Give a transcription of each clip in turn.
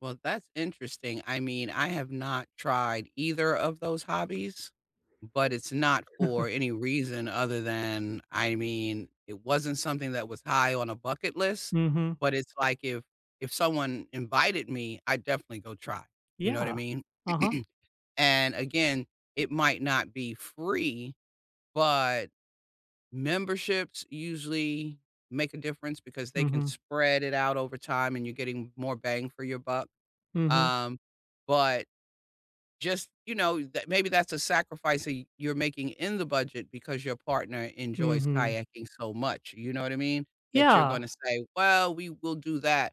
Well, that's interesting, I mean, I have not tried either of those hobbies, but it's not for any reason other than I mean, it wasn't something that was high on a bucket list, Mhm. but it's like if if someone invited me, I'd definitely go try, you know what I Yeah. mean? Uh-huh. And again, it might not be free, but memberships usually make a difference because they can Mhm. spread it out over time and you're getting more bang for your buck, Mhm. um, but just, you know, tha maybe that's a sacrifice that you you're making in the budget because your partner enjoys Mhm. kayaking so much, you know what I mean? That you're Yeah. gonna say, "Well, we will do that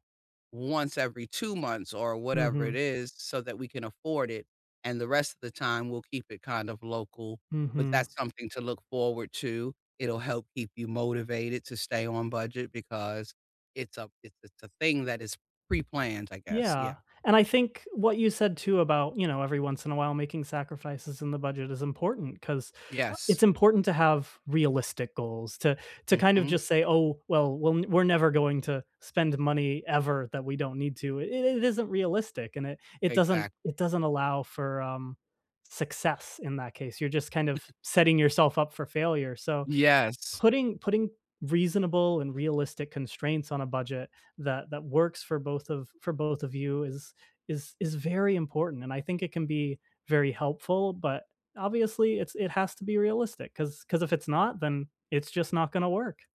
once every 2 months or whatever it Mhm. is so that we can afford it and the rest of the time we'll keep it kind of local," but Mhm. that's something to look forward to. It'll help keep you motivated to stay on budget because it's a it's it's a thing that is pre-planned I guess. Yeah. Yeah, and I think what you said too about, you know, every once in a while making sacrifices in the budget is important 'cause Yes. it's important to have realistic goals to to kind of Mhm. just say, "Oh, well, we're we're never going to spend money, ever, that we don't need to." I it isn't realistic and it it doesn't Exactly. it doesn't allow for, um, success in that case. You're just kind of setting yourself up for failure, so Yes. putting putting reasonable and realistic constraints on a budget that that works for both of for both of you is is is very important and I think it can be very helpful but obviously, it's it has to be realistic, 'cause 'cause if it's not, then it's just not gonna work.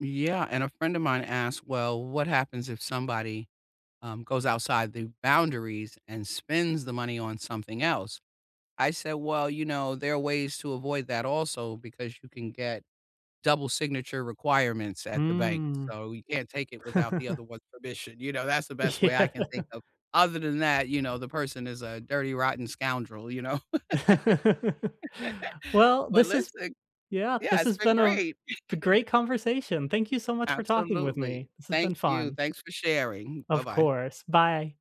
Yeah, and a friend of mine asked, "Well, what happens if somebody, um, goes outside the boundaries and spends the money on something else?" I said, "Well, you know, there are ways to avoid that also because you can get double signature requirements at the bank, Mm. so you can't take it without the other one's permission," you know, that's the best way I Yeah. can think of. Other than that, you know, the person is a dirty rotten scoundrel, you know. Well, But, this has listen yeah, Yeah, this it's has been been a f great. a g great conversation. Thank you so much for talking with Absolutely. me. This has Thank been you. fun. Thanks for sharing. Of Bye-bye. course. Bye.